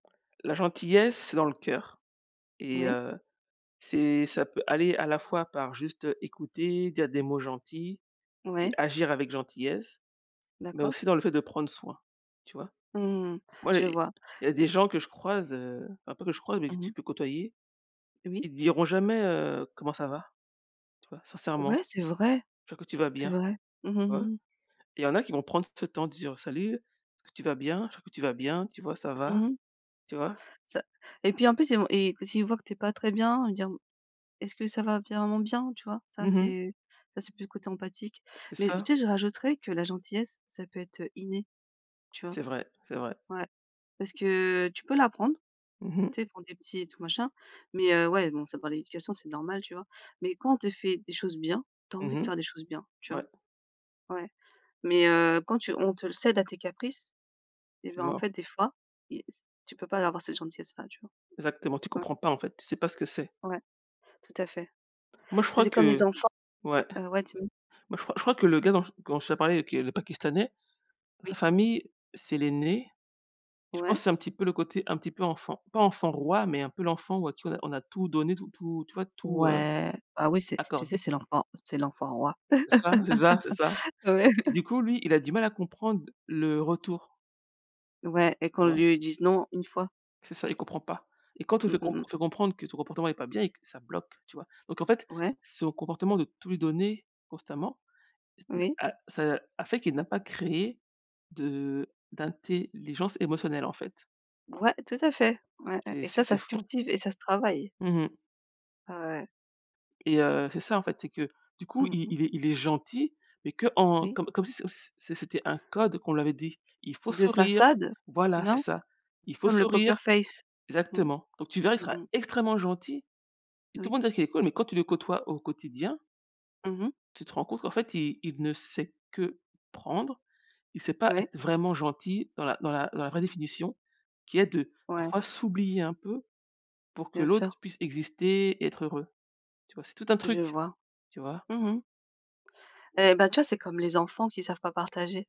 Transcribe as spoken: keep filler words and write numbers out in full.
La gentillesse, c'est dans le cœur et Oui. heu, c'est ça peut aller à la fois par juste, heu, écouter, dire des mots gentils et Ouais. agir avec gentillesse mais D'accord. aussi dans le fait de prendre soin, tu vois? Mmh mh, Moi il je y a vois. il y a des gens que je croise, heu, ah pas que je croise mais que Mmh tu mh. peux côtoyer, Oui. ils te diront jamais: «Heu, comment ça va», tu vois? Ouais, Sincèrement, c'est vrai, ils croient que tu vas c'est bien, vrai. Mmh tu vois? mh mh. Et il y en a qui vont prendre ce temps dire: «Salut, est-ce tu vas bien? Je crois que tu vas bien, tu vois, ça va» Mmh mh. tu vois? Ca et puis, en plus, il v et quand il voit que tu es pas très bien, il va dire: «Est-ce que ça va vraiment bien?» Tu vois? Ça, Mmh mh. c'est ça c'est plus le côté empathique. C'est Mais tu ça. sais? Je rajouterais que la gentillesse ça peut être, heu, inné, tu vois? C'est vrai, c'est vrai. Ouais, parce que tu peux l'apprendre, Mmh mh. tu sais, pour tes petits et tout machin, mais heu, ouais, bon, ça dépend de l'éducation, c'est normal, tu vois? Mais quand on te fait des choses bien, tu as envie Mmh de mh, faire des choses bien, tu vois? ouais. Ouais mais heu, quand tu on te le cède à tes caprices, et C'est bien, en fait, mort. des fois, tu peux pas avoir cette gentillesse-là, tu vois? Exactement, tu Ouais. comprends pas, en fait, tu sais pas ce que c'est. Ouais, tout à fait. Tu Moi, je sais, crois c'est comme que les enfants ouais. heu, ouais, dis-moi. Moi, je crois je crois que le gars dont je dont je parlais, qui est le pakistanais, sa Oui. famille, c'est l'aîné, et je pense Ouais. c'est un petit peu le côté un petit peu enfant pas enfant roi mais un peu l'enfant à qui on a tout on a tout donné, tout, tu vois? Tout heu, Ouais, bah, oui, c'est tu accordé. sais? C'est l'enfant c'est l'enfant roi. C'est ça, c'est ça, c'est ça. Ouais. Du coup, lui, il a du mal à comprendre le retour. Ouais et Tu qu'on vois? lui dise: «Non» une fois. C'est ça, il comprend pas, et quand on Mmh fait mh comprendre mh. on fait comprendre que son comportement est pas bien et que ça bloque, tu vois? Donc en fait, Ouais. son comportement de tout lui donner constamment, ce n'est Oui. a ça fait qu'il n'a pas créé de d'intelligence émotionnelle, en fait. Ouais, tout à fait, ouais, ouais C'est et et c'est ça ça c'est se fou, hein. cultive et ça se travaille. Mmh mh. Ouais. Et heu, c'est ça, en fait, c'est que du coup Mmh il mh. il il est il est gentil mais qu'en Oui. comme si comme si, c'était un c'était un code qu'on lui avait dit. Il faut De sourire façade, voilà c'est non? ça. Il faut Comme le poker sourire face. Mmh. exactement, donc tu verras, il Mmh sera mh. extrêmement gentil, et tout Oui. monde va dire qu'il est cool mais quand tu le côtoies au quotidien. Mmh mh. Tu te rends compte qu'en fait, il il ne sait que prendre, il sait pas Ouais. être vraiment gentil dans la dans la dans la vraie définition qui est de Ouais. parfois s'oublier un peu pour que Bien sûr. l'autre puisse exister et être heureux. Tu vois? C'est tout un Je truc, vois. tu vois? Mmh mh. Eh ben, tu vois? C'est comme les enfants qui savent pas partager.